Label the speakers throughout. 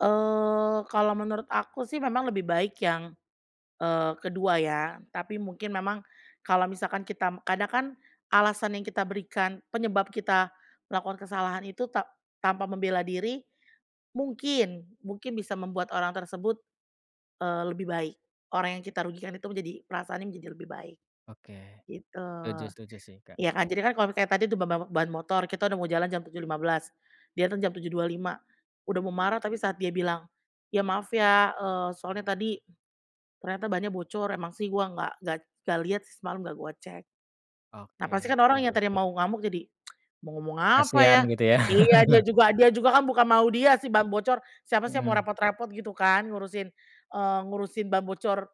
Speaker 1: Eee, kalau menurut aku sih memang lebih baik yang, eee, kedua ya. Tapi mungkin memang kalau misalkan kita, kadang kan, alasan yang kita berikan, penyebab kita melakukan kesalahan itu ta tanpa membela diri, mungkin, mungkin bisa membuat orang tersebut, eee, lebih baik. Orang yang kita rugikan itu menjadi perasaannya menjadi lebih baik,
Speaker 2: Oke.
Speaker 1: gitu.
Speaker 2: Setuju setuju sih Kak.
Speaker 1: Iya kan, jadi kan kalau misalnya tadi itu ba ba ba ban motor, kita udah mau jalan jam 07.15, dia datang jam 07.25, udah mau marah tapi saat dia bilang, "Ya maaf ya, eee, soalnya tadi ternyata bannya bocor, emang sih gua nggak nggak nggak lihat sih semalem, nggak gua cek," nah, pasti
Speaker 2: Oke,
Speaker 1: kan orang yang
Speaker 2: setuju.
Speaker 1: tadi mau ngamuk jadi mau ngomong apa ya,
Speaker 2: Kasihan gitu ya.
Speaker 1: iya dia juga dia juga kan bukan mau dia si ban bocor, siapa sih yang mau
Speaker 2: Mhm.
Speaker 1: repot-repot gitu kan, ngurusin, eee, ngurusin ban bocor,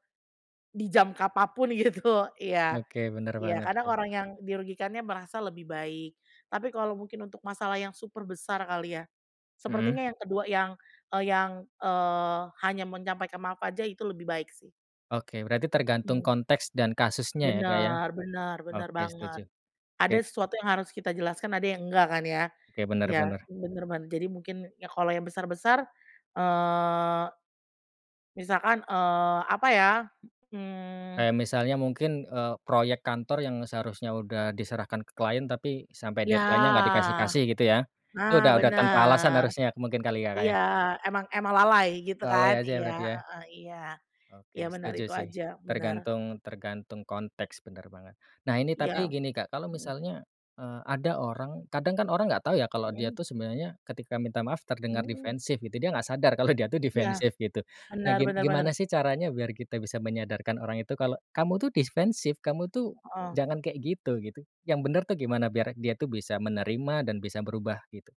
Speaker 1: di jam kapan pun gitu, iya.
Speaker 2: Oke, benar
Speaker 1: Iya,
Speaker 2: banget
Speaker 1: kadang
Speaker 2: sih.
Speaker 1: orang yang dirugikannya merasa lebih baik. Tapi kalau mungkin untuk masalah yang super besar kali ya, sepertinya
Speaker 2: Mhm.
Speaker 1: yang kedua yang, e yang, eee, hanya menyampaikan maaf aja itu lebih baik sih.
Speaker 2: Oke. Berarti tergantung
Speaker 1: Mhm.
Speaker 2: konteks dan kasusnya ya, Kak, ya?
Speaker 1: Benar benar benar
Speaker 2: Oke,
Speaker 1: banget.
Speaker 2: setuju.
Speaker 1: Ada
Speaker 2: Oke.
Speaker 1: sesuatu yang harus kita jelaskan, ada yang enggak kan ya?
Speaker 2: Oke, bener
Speaker 1: Ya,
Speaker 2: bener.
Speaker 1: benar ben jadi mungkin, ya kalau yang besar-besar, eee, misalkan, eee, apa ya, mmm
Speaker 2: Kayak misalnya mungkin, eee, proyek kantor yang seharusnya udah diserahkan ke klien tapi sampai
Speaker 1: Ya.
Speaker 2: deadline-nya nggak dikasih-kasih gitu ya.
Speaker 1: Nah,
Speaker 2: Itu udah udah tanpa alasan
Speaker 1: benar.
Speaker 2: harusnya, mungkin kali ya, Kak,
Speaker 1: Iya,
Speaker 2: ya?
Speaker 1: emang emang lalai, gitu
Speaker 2: Lalai
Speaker 1: kan,
Speaker 2: aja
Speaker 1: iya,
Speaker 2: berarti ya?
Speaker 1: heeh, iya, iya,
Speaker 2: Oke,
Speaker 1: benar,
Speaker 2: setuju
Speaker 1: itu
Speaker 2: sih.
Speaker 1: aja. Benar.
Speaker 2: Tergantung tergantung konteks, benar banget. Nah ini tapi
Speaker 1: Iya.
Speaker 2: gini Kak, kalau
Speaker 1: Hmm.
Speaker 2: misalnya, eee, ada orang kadang kan orang nggak tahu ya, kalau dia
Speaker 1: Hmm.
Speaker 2: tuh sebenarnya ketika minta maaf terdengar
Speaker 1: Hmm.
Speaker 2: defensif, gitu. Dia nggak sadar kalau dia tuh
Speaker 1: Iya.
Speaker 2: defensif gitu. Nah,
Speaker 1: Benar
Speaker 2: gim
Speaker 1: benar benar.
Speaker 2: gimana sih caranya, biar kita bisa menyadarkan orang itu kalau, "Kamu tuh defensif, kamu tuh
Speaker 1: Heeh.
Speaker 2: jangan kayak gitu," gitu. Yang benar tuh gimana biar dia tuh bisa menerima dan bisa berubah gitu?